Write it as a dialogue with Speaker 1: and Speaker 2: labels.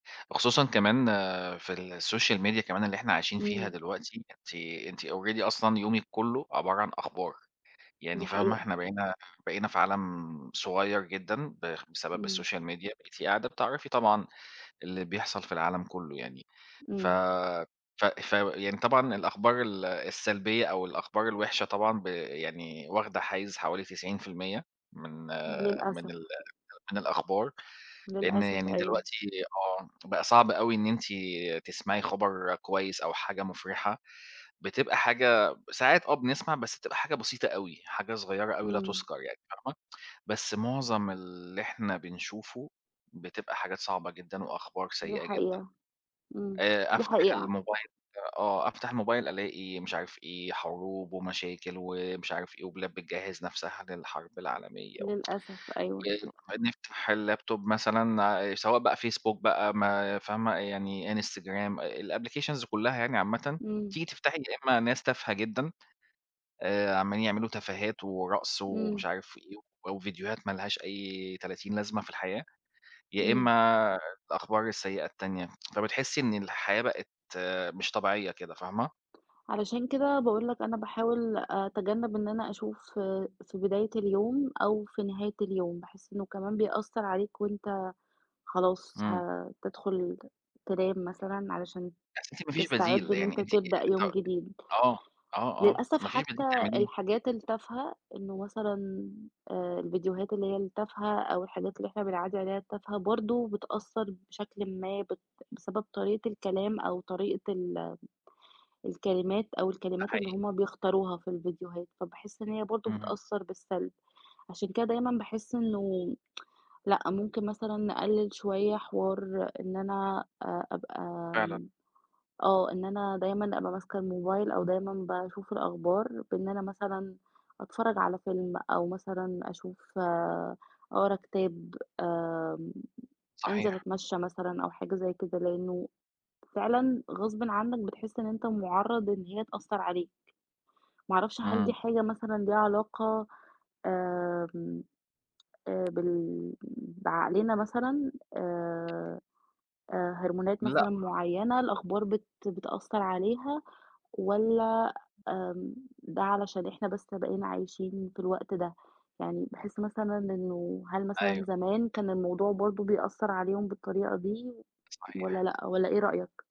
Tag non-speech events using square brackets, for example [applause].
Speaker 1: وخصوصًا كمان في الSocial Media كمان اللي إحنا عايشين فيها
Speaker 2: إمم.
Speaker 1: دلوقتي، أنتِ أنتِ already أصلًا يومِك كلّه عبارة عن أخبار، يعني
Speaker 2: دي
Speaker 1: فاهمة،
Speaker 2: حقيقة.
Speaker 1: إحنا بقينا بقينا في عالم صغيّر جدًا ب بسبب
Speaker 2: إمم.
Speaker 1: الSocial Media، بقيتِ قاعدة بتعرفي طبعًا اللي بيحصل في العالم كلّه يعني، ف
Speaker 2: إمم.
Speaker 1: ف ف يعني طبعًا الأخبار ال السلبية أو الأخبار الوِحشة طبعًا ب يعني واخدة حيّز حوالي 90%، من من
Speaker 2: للأسف.
Speaker 1: ال من الأخبار، لإن
Speaker 2: للأسف
Speaker 1: يعني
Speaker 2: أيوه.
Speaker 1: دلوقتي آه، بقى صعب أوي إن أنتِ تسمعي خبر كويس أو حاجة مفرحة، بتبقى حاجة ساعات آه بنسمع بس بتبقى حاجة بسيطة أوي، حاجة صغيّرة أوي لا
Speaker 2: إمم.
Speaker 1: تُذكر يعني فاهمة، بس معظم اللي إحنا بنشوفه بتبقى حاجات صعبة جدًا وأخبار
Speaker 2: دي
Speaker 1: سيئة جدًا،
Speaker 2: حقيقة، إمم،
Speaker 1: آآ
Speaker 2: دي
Speaker 1: أفتح
Speaker 2: حقيقة.
Speaker 1: الموبايل آه أفتح الموبايل ألاقي مش عارف إيه حروب ومشاكل ومش عارف إيه، وبلاد بتجهز نفْسها للحرب العالمية، و
Speaker 2: للأسف
Speaker 1: [tsk]
Speaker 2: أيوه.
Speaker 1: و ونفتح الLaptop مثلًا آآ سواء بقى Facebook بقى ما فاهمة، يعني Instagram، الApplications كلّها يعني عامةً،
Speaker 2: إمم.
Speaker 1: تيجي تفتحي يا إمّا ناس تافهة جدًا، آآ عمالين يعملوا تفاهات ورقص
Speaker 2: إمم.
Speaker 1: ومش عارف إيه، و وفيديوهات ما لهاش أي تلاتين لازمة في الحياة، يا
Speaker 2: إمم.
Speaker 1: إمّا الأخبار السيئة التانية، [tsk] فبتحسي إن الحياة بقت مش طبيعية كده فاهمة؟
Speaker 2: علشان كده باقول لك أنا باحاول أتجنب إن أنا أشوف في بداية اليوم أو في نهاية اليوم، باحس إنه كمان بيأثّر عليك وأنت خلاص
Speaker 1: إمم.
Speaker 2: هتدخل ت تنام مثلًا، علشان
Speaker 1: بس أنتِ ما فيش
Speaker 2: تستعد
Speaker 1: بديل،
Speaker 2: إن
Speaker 1: يعني
Speaker 2: أنت
Speaker 1: أنتِ
Speaker 2: تبدأ
Speaker 1: ط
Speaker 2: يوم جديد،
Speaker 1: آه، آه، آه،
Speaker 2: للأسف
Speaker 1: ما فيش بديل
Speaker 2: حتّى
Speaker 1: تعمليه.
Speaker 2: الحاجات التافهة، إنه مثلًا آآ، الفيديوهات اللي هي التافهة أو الحاجات اللي إحنا بنعدّي عليها التافهة، برضه بتأثّر بشكلٍ ما، بت بسبب طريقة الكلام أو طريقة ال الكلمات، أو
Speaker 1: ده
Speaker 2: الكلمات اللي
Speaker 1: حقيقي.
Speaker 2: هُم بيختاروها في الفيديوهات، فباحس إن هي برضه
Speaker 1: اهم.
Speaker 2: بتأثّر بالسلب، عشان كده دايمًا باحس إنه [tsk] لأ، ممكن مثلًا نقلل شوية حوار إن أنا آآ، أبقى
Speaker 1: فعلًا.
Speaker 2: آمم، آه إن أنا دايمًا أبقى ماسكة الموبايل أو دايمًا باشوف الأخبار، بإن أنا مثلًا، أتفرّج على فيلم أو مثلًا أشوف، أقرا كتاب، آمم أنزل
Speaker 1: صحيح.
Speaker 2: أتمشى مثلًا أو حاجة زي كده، لإنه فعلًا غصبٍ عنك بتحس إن أنت مُعرَّض إن هي تأثّر عليك، ما اعرفش هل دي
Speaker 1: إمم.
Speaker 2: حاجة مثلًا ليها علاقة، آمم، آآ بال بعقلنا مثلًا، آآ آآ هرمونات
Speaker 1: لأ.
Speaker 2: مثلًا معيّنة الأخبار بت بتأثّر عليها، والَّا آمم ده علشان إحنا بس بقينا عايشين في الوقت ده؟ يعني باحس مثلًا إنه هل
Speaker 1: أيوه.
Speaker 2: مثلًا زمان كان الموضوع برضو بيأثّر عليهم بالطريقة دي، والَّا
Speaker 1: صحيح.
Speaker 2: لأ، والَّا إيه رأيك؟